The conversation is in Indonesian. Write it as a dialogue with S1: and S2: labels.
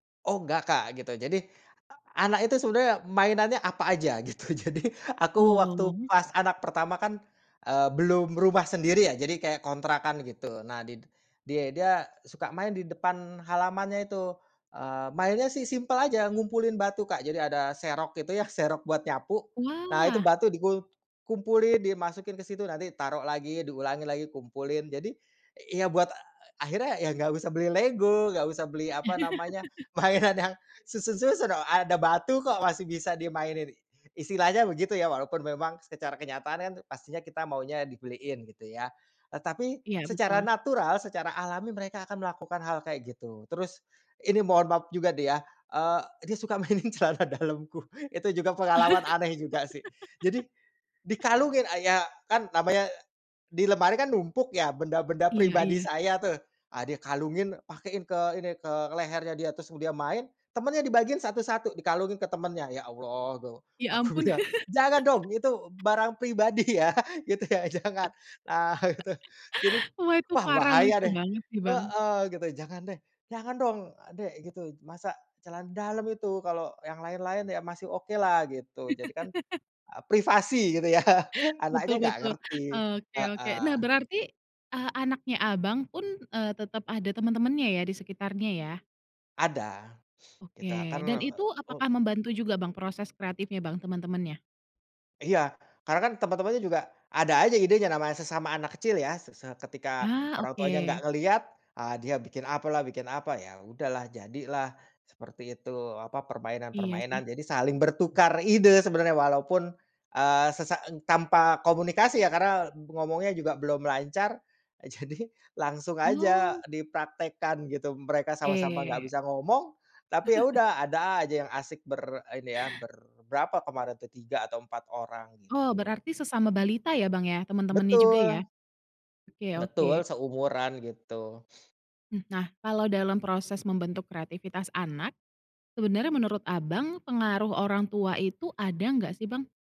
S1: Oh, nggak, Kak, gitu, jadi e anak itu sebenarnya mainannya apa aja, gitu, jadi aku waktu
S2: Oh.
S1: pas anak pertama kan, eee, belum rumah sendiri ya, jadi kayak kontrakan, gitu. Nah, di dia dia suka main di depan halamannya itu, eee, mainnya sih simpel aja, ngumpulin batu, Kak. Jadi ada serok itu ya, serok buat nyapu. Nah, itu
S2: Wah.
S1: batu dikul dikumpulin, dimasukin ke situ, nanti taruh lagi, diulangi lagi, kumpulin. Jadi, ya, eee, e buat akhirnya ya, enggak usah beli lego, enggak usah beli, apa namanya, mainan yang susun-susun, oh, ada batu kok, masih bisa dimainin, i istilahnya begitu ya, walaupun memang secara kenyataan kan pastinya kita maunya dibeliin, gitu ya. Eee, tapi
S2: Ya,
S1: secara
S2: betul.
S1: natural, secara alami, mereka akan melakukan hal kayak gitu. Terus, ini mohon maaf juga nih ya, eee, dia suka mainin celana dalamku, itu juga pengalaman aneh juga sih, jadi dikalungin a ya kan namanya e di lemari kan, numpuk ya, benda-benda
S2: Iya
S1: pribadi
S2: iya.
S1: saya tuh, ah, dia kalungin, pakein ke ini ke lehernya, dia terus dia main temennya dibagiin satu-satu, dikalungin ke temennya. Ya, Allah, gu
S2: Ya,
S1: aku
S2: ampun.
S1: bilang, "Jangan dong, itu b barang pribadi, ya", gitu ya, "Jangan", nah, gitu. Jadi,
S2: Wah, itu
S1: wah,
S2: parah
S1: bahaya
S2: lucu
S1: deh
S2: banget sih, Bang.
S1: heeh, gitu, "Jangan deh, jangan dong, Dek", gitu, masa celana dalem, itu kalau yang lain-lain ya, masih okelah gitu, jadikan e privasi gitu ya,
S2: Betul
S1: anaknya nggak
S2: betul,
S1: ngerti,
S2: oke oke.
S1: heeh.
S2: Nah, berarti, eee, anaknya abang pun, eee, tetap ada teman-temannya ya, di sekitarnya, ya?
S1: Ada, itu a kan
S2: Oke, dan
S1: eee,
S2: itu
S1: u
S2: apakah membantu juga, Bang, proses kreatifnya, Bang, teman-temannya?
S1: Iya, karena kan teman-temannya juga ada aja idenya, namanya sesama anak kecil, ya. Se se ketika
S2: Ah.
S1: orang tuanya enggak
S2: oke.
S1: ngelihat, ah, dia bikin apalah, bikin, apa ya, udahlah, jadilah seperti itu, apa,
S2: Iya, sih.
S1: permainan-permainan jadi saling bertukar ide. Sebenarnya walaupun, eee, sesa e tanpa komunikasi ya, karena ngomongnya juga belum lancar, jadi langsung aja
S2: Oh.
S1: dipraktekkan gitu, mereka sama-sama nggak
S2: Oke.
S1: bisa ngomong, tapi, ya udah, ada aja yang asik ber ini ya ber berapa kemarin tuh 3 atau 4 orang,
S2: Oh,
S1: gitu.
S2: berarti sesama balita ya, Bang, ya, temen-temennya juga ya?
S1: Betul.
S2: Oke
S1: Betul,
S2: oke.
S1: seumuran gitu.
S2: Mhm. Nah, kalau dalam proses membentuk kreativitas anak, sebenarnya menurut Abang pengaruh orang tua itu ada nggak sih, Bang?